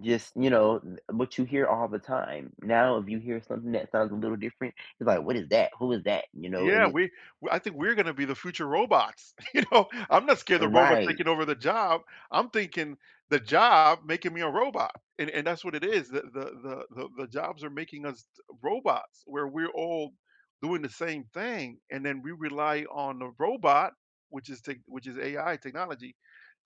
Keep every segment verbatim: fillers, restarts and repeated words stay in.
Just, you know, n But you hear all the time. Now if you hear something that sounds a little different, it's like, "What is that? Who is that?" You know? And Yeah. it We w I think we're gonna be the future robots, you know? I'm not scared Uh of robot Right. taking over the job. I'm thinking the job making me a robot. And and that's what it is. The the the the jobs are making us to robots where we're all doing the same thing. And then we rely on the robot, which is tec which is AI technology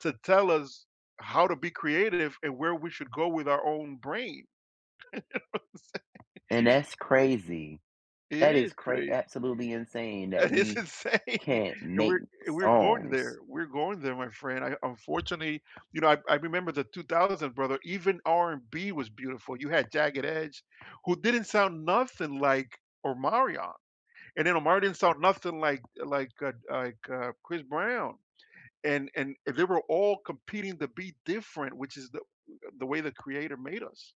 to tell us how to be creative and where we should go with our own brain. You know what I'm saying? And that's crazy. It That is is cra crazy absolutely insane that It's we insane can't And make we're and we're going there songs. we're going there, my friend. I unfortunaty You know, I I remember the two thousand brother, even RnB was beautiful. You had Jagged Edge who didn't sound nothing like Omarion. And then Omarion didn't sound nothing like, like, uh, like, uh, Chris Brown. And and they were all competing to be different, which is the the way the creator made us,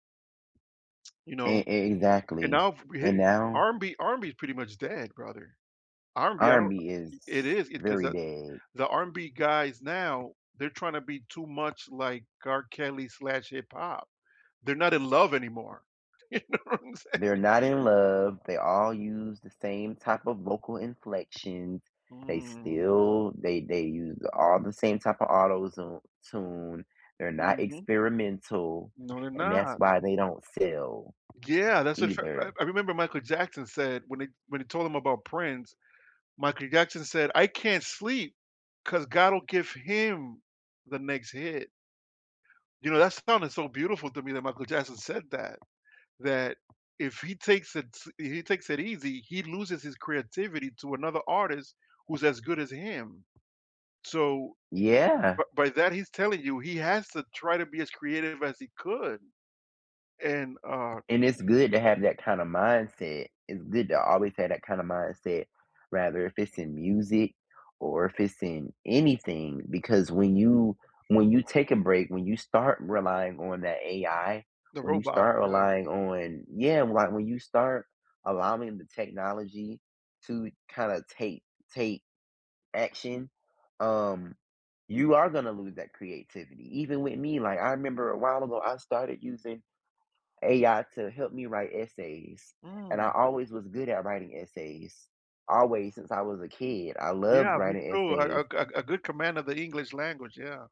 You E know, e and exactly. now f We hate And it. now RnB RnB is pretty much dead brother. RnB, I don't RnB It is is it 'cause really the dead. The RnB guys now, they're trying to be too much like R Kelly-slash-hip-hop. They're not in love anymore. You know what I'm They're saying? not in love. They all use the same type of vocal inflections. They Mm. still they they use all the same type of auto zo tune. They're not Mhm. experimental, No, they're and that's not. why they don't sell G Yeah. That's for sure, either. [unintelligible] I remember Michael Jackson said when he when he told him about Prince, Michael Jackson said, "I can't sleep 'cause God will give him the next hit." You know, that sounded so beautiful to me that Michael Jackson said that. That if he takes it s he takes it easy, he loses his creativity to another artist who's as good as him. So, Yeah. b by that he's telling you he has to try to be as creative as he could. And, uh And it's good to have that kind of mindset. It's good to always have that kind of mindset. Rather if it's in music or if it's in anything. Because when you when you take a break, when you start relying on that AI, The when you robot, start yeah. relying on Yeah, why When you start allowing the technology to kinda take take action, um, you are gonna lose that creativity. Even with me, like, I remember a while ago, I started using AI to help me write essays, and I Mm. always was good at writing essays. Always, since I was a kid. I loved Yeah, me writing too. A a essays. a a good command of the English language. Yeah.